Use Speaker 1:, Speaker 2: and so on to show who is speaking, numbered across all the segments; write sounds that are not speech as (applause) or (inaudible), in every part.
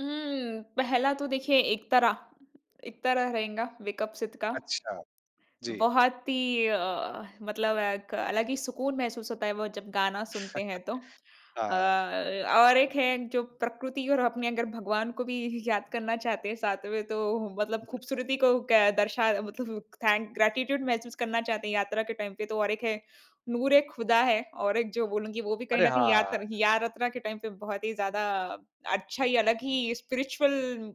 Speaker 1: हुँ, पहला तो देखिए इकतारा इकतारा रहेंगा, वेक अप सिड का।
Speaker 2: अच्छा। जी।
Speaker 1: बहुत ही एक मतलब एक अलग ही सुकून महसूस होता है वो जब गाना सुनते हैं तो।
Speaker 2: (chuckles)
Speaker 1: अ,
Speaker 2: हाँ।
Speaker 1: और एक है जो प्रकृति और अपने अगर भगवान को भी याद करना चाहते हैं साथ में। तो मतलब
Speaker 2: उहुँ।
Speaker 1: खूबसूरती को क दर्शा मतलब थैंक ग्रैटिट्यूड महसूस करना चाहते हैं। यात्रा के टाइम पे तो और एक है नूर ए खुदा है। और एक जो बोलूँगी वो भी कहीं
Speaker 2: अरे!
Speaker 1: न
Speaker 2: हाँ,
Speaker 1: कहीं
Speaker 2: हाँ।
Speaker 1: यात्र यात्रा के टाइम पे बहुत ही ज़्यादा अच्छा ही अलग ही स्पिरिचुअल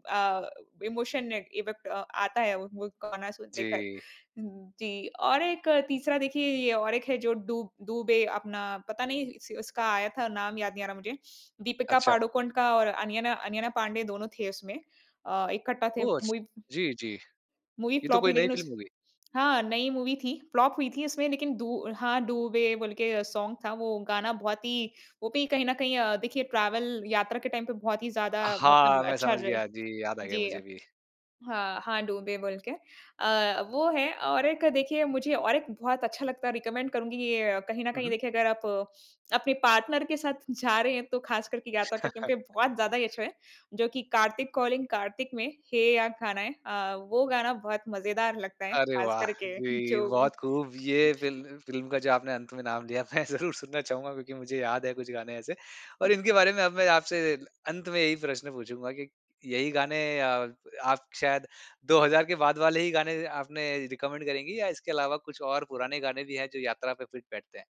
Speaker 1: अ, इमोशन इफेक्ट अ, आता है वो वो गाना सुन देकर।
Speaker 2: जी।
Speaker 1: जी, और एक तीसरा देखिए ये और एक है जो डूब डूबे अपना पता नहीं इस उसका आया था नाम याद नहीं आ रहा मुझे दीपिका
Speaker 2: अच्छा।
Speaker 1: पादुकोण का और अनियना अनन्या पाण्डे दोनों थे उसमें। अ, इकट्ठा थे
Speaker 2: ओह! अछ
Speaker 1: मूवी
Speaker 2: जी, जी।
Speaker 1: मूवी
Speaker 2: ये तो
Speaker 1: फ्लॉप
Speaker 2: कोई
Speaker 1: हुई
Speaker 2: नई
Speaker 1: लेकिन उस
Speaker 2: फ़िल्म होगी।
Speaker 1: हाँ, नई मूवी थी, फ्लॉप हुई थी उसमें। लेकिन दु हाँ, डूबे बोल के सोंग था वो गाना बहुत ही वो भी कहीं न कहीं अ, देखिए ट्रैवल यात्रा के टाइम पे बहुत ही ज़्यादा
Speaker 2: हाँ,
Speaker 1: मतलब
Speaker 2: मैं
Speaker 1: अच्छा
Speaker 2: समझ
Speaker 1: रह
Speaker 2: गया। जी, याद आ गया
Speaker 1: जी।
Speaker 2: मुझे भी।
Speaker 1: हाँ, हाँ डूबे बोल के अ, वो है और एक देखिए मुझे और एक बहुत अच्छा लगता है रिकमेंड करुँगी ये कहीं न
Speaker 2: हुँ,
Speaker 1: कहीं
Speaker 2: हुँ।
Speaker 1: देखिए अगर आप अपने पार्टनर के साथ जा रहे हैं। तो ख़ास करके यात्रा करने
Speaker 2: (chuckles)
Speaker 1: पे बहुत ज़्यादा ही अच्छा है। जो कि कार्तिक कॉलिंग कार्तिक में हे या गाना है अ, वो गाना बहुत मज़ेदार लगता है
Speaker 2: अरे
Speaker 1: ख़ास
Speaker 2: वाह!
Speaker 1: कर के जो
Speaker 2: जी, बहुत खूब ये फ़िल फ़िल्म का जो आपने अंत में नाम लिया मैं ज़रूर सुनना चाहूँगा क्योंकि मुझे याद है कुछ गाने ऐसे।
Speaker 1: अ
Speaker 2: और इनके बारे में अब मैं आपसे अंत में यही प्रश्न पूछूँगा कि यही गाने आ आप शायद 2000 के बाद वाले ही गाने आपने रिकमेंड करेंगी? या इसके अलावा कुछ और पुराने गाने भी है जो यात्रा पे फिट बैठते हैं?